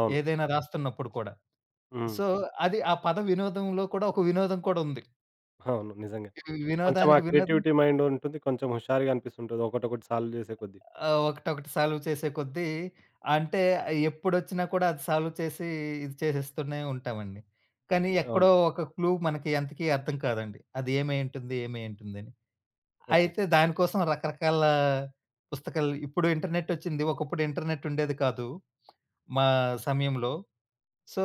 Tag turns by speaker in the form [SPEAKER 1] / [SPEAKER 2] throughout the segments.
[SPEAKER 1] అవును.
[SPEAKER 2] ఏదైనా రాస్తున్నప్పుడు కూడా.
[SPEAKER 1] హ్మ్.
[SPEAKER 2] సో, అది ఆ పద వినోదంలో కూడా ఒక వినోదం కూడుంది.
[SPEAKER 1] అవును. నిజంగా.
[SPEAKER 2] హ్మ్.
[SPEAKER 1] కొంచెం ఆ
[SPEAKER 2] వినోదానికి వినోదం
[SPEAKER 1] క్రియేటివిటీ మైండుంటుంది. కొంచెం హుషారుగా అనిపిస్తుంతుంటది ఒకటొకటి సాల్వ్ జేసే కొద్ది.
[SPEAKER 2] ఆ! ఒకటొకటి సాల్వ్ చేసే కొద్దీ అంటే, ఆహ్, ఎప్పుడొచ్చినా కూడా అది సాల్వ్ చేసీ, ఇది చేసేస్తూనే ఉంటావండి, కానీ
[SPEAKER 1] అవును.
[SPEAKER 2] ఎక్కడో ఒక క్లూ మనకి అంతకీ అర్థం కాదండి. అది ఏమైయుంటుంది ఏమైయుంటుందని.
[SPEAKER 1] ఓకే.
[SPEAKER 2] అయితే, దాని కోసం రకరకాల పుస్తకాలు ఇప్పుడు ఇంటర్నెటొచ్చింది, ఒకప్పుడు ఇంటర్నెట్టుండేది కాదు మా సమయంలో. సో,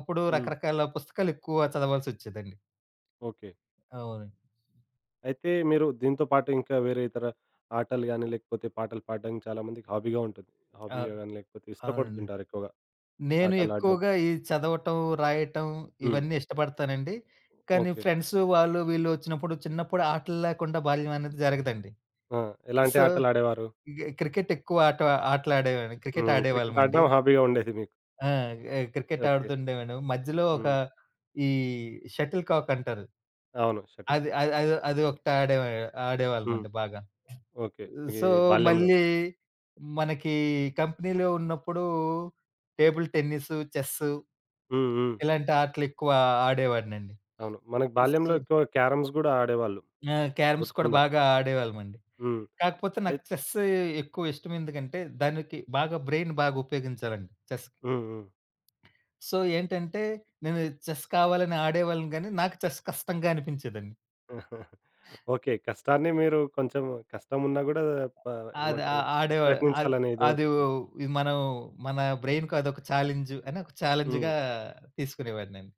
[SPEAKER 2] అప్పుడు
[SPEAKER 1] హ్మ్.
[SPEAKER 2] రకరకాల పుస్తకాలు ఎక్కువగా చదవాల్సొచ్చేదండి.
[SPEAKER 1] ఓకే.
[SPEAKER 2] అవునండి.
[SPEAKER 1] అయితే, మీరు దీనితో పాటు ఇంకా వేరే ఇతర ఆటలు గానీ, లేకపోతే పాటలు పాడడానికి చాలా మందికి హాబీగా ఉంటది.
[SPEAKER 2] ఆ!
[SPEAKER 1] హాబీగా గానీ, లేకపోతే
[SPEAKER 2] అవునండి.
[SPEAKER 1] ఇష్టపడుతుంటారెక్కువగా,
[SPEAKER 2] నేను
[SPEAKER 1] ఆటలు ఆడడం.
[SPEAKER 2] ఎక్కువగా ఈ చదవటం, రాయటం
[SPEAKER 1] హ్మ్.
[SPEAKER 2] ఇవన్నీ ఇష్టపడతానండి, కానీ
[SPEAKER 1] ఓకే.
[SPEAKER 2] ఫ్రెండ్సు వాళ్ళు, వీళ్ళు ఒచ్చినప్పుడు, చిన్నప్పుడు ఆటల్లేకుండా బాల్యవనేది జరగదండి.
[SPEAKER 1] ఆ! ఎలాంటి
[SPEAKER 2] సో,
[SPEAKER 1] ఆటలాడేవారు?
[SPEAKER 2] ఇగ క్రికెటెక్కువ ఆట ఆటలడేవా‌‌న్ని. క్రికెట్
[SPEAKER 1] హ్మ్. క్రికెట్
[SPEAKER 2] ఆడేవాళ్ళవండి.
[SPEAKER 1] ఆడడం హాబీగా ఉండేది మీకు.
[SPEAKER 2] ఆ! ఎ క్రికెట్
[SPEAKER 1] ఓకే.
[SPEAKER 2] ఆడుతుండేవాళ్ళం. మధ్యలో ఒక
[SPEAKER 1] హ్మ్.
[SPEAKER 2] ఈ షటిల్ కాకంటారు.
[SPEAKER 1] అవును. షటిల్.
[SPEAKER 2] అది, అది, అది, అది ఒకటాడే
[SPEAKER 1] హ్మ్.
[SPEAKER 2] ఆడేవాళ్ళమండి బాగా.
[SPEAKER 1] ఓకే.
[SPEAKER 2] ఆహ్,
[SPEAKER 1] ఇగ
[SPEAKER 2] సో,
[SPEAKER 1] ఈ బాల్యంలో.
[SPEAKER 2] మళ్ళీ మనకీ కంపినీలో ఉన్నప్పుడూ టేబుల్ టెన్నిస్సు, చెస్సు
[SPEAKER 1] హ్మ్. హ్మ్.
[SPEAKER 2] ఇలాంటాటలెక్కువా ఆడేవాడినండి
[SPEAKER 1] అవును. మనకు
[SPEAKER 2] ఉస్స్
[SPEAKER 1] బాల్యంలో ఎక్కువ క్యారమ్స్ గూడా ఆడేవాళ్ళు.
[SPEAKER 2] ఆ! క్యారమ్స్ కూడా
[SPEAKER 1] గుర్తుండదు.
[SPEAKER 2] బాగా ఆడేవాళ్ళమండి.
[SPEAKER 1] హ్మ్.
[SPEAKER 2] కాకపోతే, నాకు
[SPEAKER 1] ఐ
[SPEAKER 2] చెస్స్ ఎక్కువ ఇష్టవెందుకంటే, దానికి బాగా బ్రైన్ బాగా ఉపయోగించాలండి చెస్‌కి.
[SPEAKER 1] హ్మ్. హ్మ్.
[SPEAKER 2] సో ఏంటంటే, నేను చెస్ కావాలని ఆడేవాళ్ళని గానీ, నాకు చెస్ కష్టంగా అనిపించేదండి.
[SPEAKER 1] ఓకే. కష్టాన్ని మీరు కొంచెం కష్టమున్నా గూడా పా
[SPEAKER 2] అది ఆ
[SPEAKER 1] ఏమంటరు,
[SPEAKER 2] ఆడేవా అది
[SPEAKER 1] ప్రయత్నించాలనేది
[SPEAKER 2] అది ఉ
[SPEAKER 1] ఒకటుంది.
[SPEAKER 2] ఇ మనం మన బ్రైన్‌కు అదొక ఛాలెంజు. అనొక ఛాలెంజ్‌గా
[SPEAKER 1] హ్మ్.
[SPEAKER 2] తీసుకునేవాడినండి.